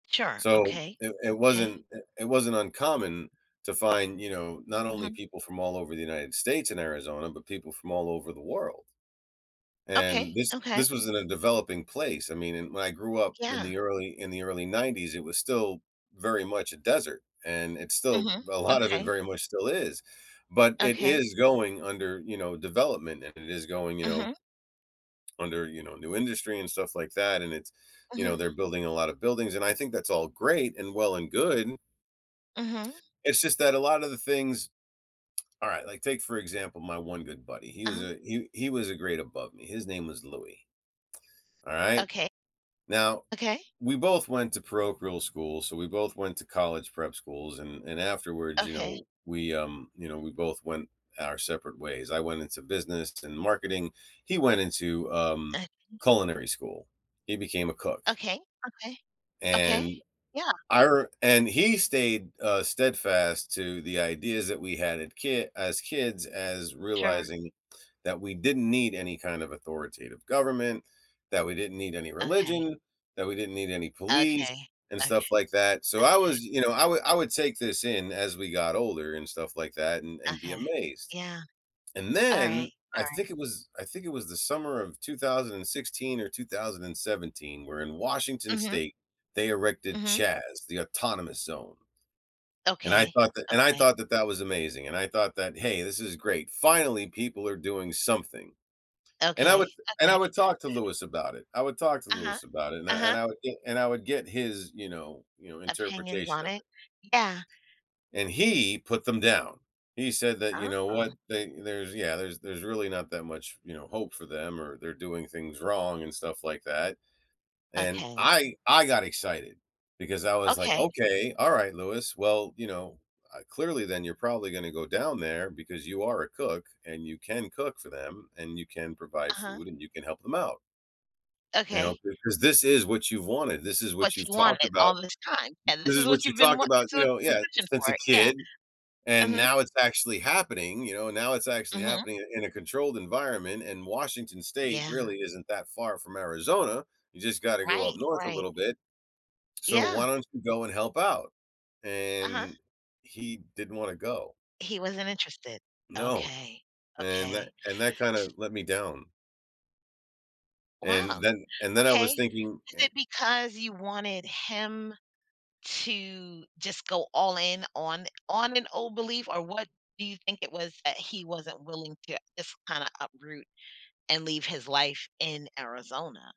Sure. So, Okay. it it 'Kay. wasn't, eh it wasn't uncommon to find, you know, not only Mhm. people from all over the United States and Arizona, but people from all over the world. Okay. And this Okay. this was in a developing place, I mean, i when I grew up in Yeah. the early in the early 90s, it was still very much a desert, and it's still Mhm. a lot of it Okay. very much still is, but it Okay. is going under, you know, development, and it is going, you know Mhm. under, you know, new industry and stuff like that, and it's, you know, Mhm. they're building a lotta buildings, and I think that's all great and well and good. Mhm. It's just that a lotta the things alright, like, take for example, my one good buddy, he was Uh-huh. a he he was a grade above me, his name was Louis. Alright? Okay. Now, Okay. we both went to parochial school, so, we both went to college prep schools, and and afterwards, you Okay. know, we, um, you know, we both went our separate ways. I went into business and marketing, he went into, um, [unintelligible] culinary school. He became a cook. Okay. Okay. Okay. And, Yeah. I r and he stayed, uh, steadfast to the ideas that we had at kit as kids as Sure. realizing that we didn't need any kind of authoritative government, that we didn't need any Okay. religion, that we didn't need any police Okay. and stuff Okay. like that, so, I was, Okay. y you know, I would I would take this in as we got older and stuff like that and and be Okay. amazed. Yeah. And then, Alright. I think Alright. it was I think it was the summer of 2016 or 2017 where in Washington Mhm. state, they erected Mhm. CHAZ, the Autonomous Zone, and I Okay. thought that and I Okay. thought that that was amazing, and I thought that, "Hey, this is great. Finally, people are doing something." And I would Okay. and I Okay. would talk to Louis about it. I would talk to Uh-huh. Louis about it, and I and Uh-huh. I would get and I would get his, you know you know, Opinions interpretation on of it. it. Yeah. And he put them down. He said that, "You know what? Oh. They there's, yeah, there's there's really not that much, you know, hope for them or they're doing things wrong and stuff like that." And Okay. I I got excited, because I was like, Okay. "Okay. Alright, Louis. Well, you know, uh, clearly then you're probably gonna go down there because you are a cook and you can cook for them and you can provide Uh-huh. food and you can help them out" "you know, Okay. because this is what you've wanted, this is What what you've you talked wanted about all this time. And this this is is what what you you've been talked wan about, this is you what know" you've been yeah, pushing "...since a for, yeah. kid, and Mhm. now it's actually happening, you know? Now it's actually Mhm. happening in a controlled environment. And Washington State Yeah. really isn't that far from Arizona, you just gotta go up Right. north a Right. little bit, so, why Yeah. don't you go and help out?" Uh-huh. And he didn't wanna go. He wasn't interested. No. Okay. And tha Okay. and that kinda let me down. And Wow! then and then I Okay. was thinking Is and it because you wanted him to just go all in on on an old belief or what do you think it was that he wasn't willing to just kinda uproot, and leave his life in Arizona?